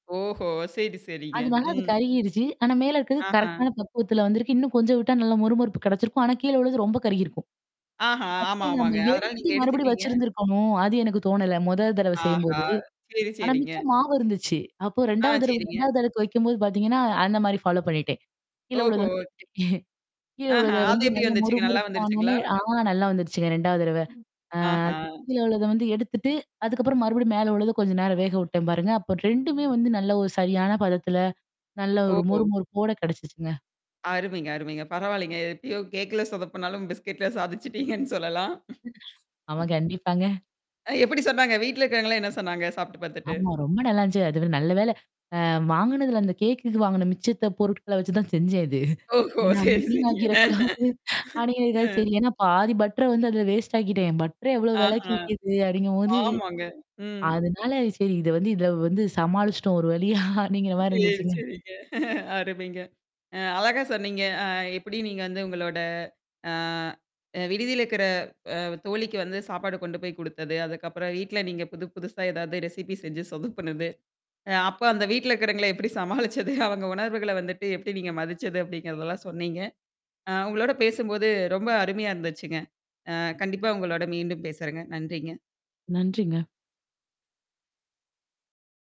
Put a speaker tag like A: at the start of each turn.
A: ஓஹோ! சரி, சரிங்க.
B: அது வராது
A: ம்.
B: கருகிருச்சு. ஆனா மேல இருக்கறது
A: ஆஹ.
B: கரெக்ட்டான பக்குவத்துல வந்திருக்கு. இன்னும் கொஞ்சம் விட்டா நல்ல முறுமறுப்பு கிடைச்சிருக்கும். ஆனா கீழழுது ரொம்ப கருகியிருக்கும்.
A: ஆஹா, ஆமா
B: அப்பறம் நம்ம
A: ஆமாங்க. அதனால
B: எடுத்துட்டு
A: நீங்க
B: மறுபடியும்
A: எடுத்துட்டீங்க
B: வச்சிருந்திருக்கணும். அது எனக்கு தோணல. முதல் தடவ
A: ஆஹா!
B: செய்யும்போது.
A: சரி,
B: ஆனா
A: சரிங்க.
B: மிச்சம் மாவு இருந்துச்சு. அப்போ
A: ஆ
B: 2 வது தடவ
A: சரிங்க.
B: 2வது அடுக்கு வைக்கும்போது பாத்தீங்கன்னா அந்த மாரி ஃபாலோ பண்ணிட்டேன். கீழவுள்ளது
A: ஓஹோ!
B: எடுத்துகிட்டேன்.
A: ஆஹா.
B: கீழஉள்ளத
A: அது
B: வந்து
A: எப்படி
B: நல்லா மொறு
A: வந்துச்சுங்க நல்லா
B: மொறுப்பானோனே
A: வந்துருச்சுங்களா?
B: ஆ நல்லா வந்துருச்சுங்க. 2 வது தடவ. அ
A: ஆஹா.
B: அந்த கீழ உள்ளத வந்து எடுத்துட்டு, அதுக்கப்புறம் மறுபடியும் மேல உள்ளத கொஞ்சம் நேரம் வேக உட்டேன் பாருங்க. அப்ப 2மே வந்து நல்ல ஒரு சரியான பதத்தில. நல்ல
A: ஓ!
B: ஒரு மொறு
A: ஓ.
B: மொறு போட கெடைச்சிச்சுங்க.
A: அருமைங்க, அருமைங்க. பரவாயில்லங்க. எப்பயும் கேக்ல சொத பண்ணாலும் பிஸ்கெட்ல சாதிச்சுட்டீங்கன்னு சொல்லலாம்.
B: ஆமா கண்டிப்பாங்க.
A: அ எப்படி சொன்னாங்க? வீட்ல இருக்கிறவங்கல்லாம் என்ன சொன்னாங்க சாப்ட்டு பாத்துட்டு?
B: ஆமா. ரொம்ப நல்லாந்துச்சு. அதுவே நல்ல வேள அ வாங்குனதுல அந்த கேக்குக்கு வாங்குன மிச்சத்த பொருட்கள வச்சு தான் செஞ்சேன் இது.
A: ஓஹோ!
B: ஏன்னா
A: சரி,
B: வீன்
A: சரிங்க.
B: ஆக்கிடக்கூடாது.
A: அ.
B: அடிங்கதுக்காவது சரி. ஏன்னா பாதி பட்டர வந்து அதல வேஸ்ட் ஆக்கிட்டேன். பட்டர எவ்வளோ வெளக்கு
A: ஆஹா.
B: விக்கது? அப்படிங்கும்போது
A: ஆமாங்க. ம்.
B: அதனால சரி இத வந்து இதில வந்து சமாளிச்சுட்டோம் ஒரு வழியா அப்படிங்கிற மாரி
A: சரி,
B: இருந்துச்சுங்க.
A: சரிங்க அருமைங்க. அ அழகா சொன்னீங்க. அ எப்படி நீங்க வந்து உங்களோட ஆ. அ விடுதியில இருக்கிற அ தோழிக்கு வந்து சாப்பாடு கொண்டு போய் குடுத்தது. அதுக்கப்புறம் வீட்ல நீங்க புது புதுசா ஏதாவது ரெசிபி செஞ்சு சொதப்புனது. அ அப்போ அந்த வீட்ல இருக்கவங்கள எப்படி சமாளிச்சது? அவங்க உணர்வுகள வந்துட்டு எப்படி நீங்க மதிச்சது அப்படிங்கிறதெல்லாம் சொன்னீங்க. ஆ உங்களோட பேசும்போது ரொம்ப அருமையா இருந்துச்சுங்க. அ கண்டிப்பா உங்களோட மீண்டும் பேசுறேங்க. நன்றிங்க.
B: நன்றிங்க.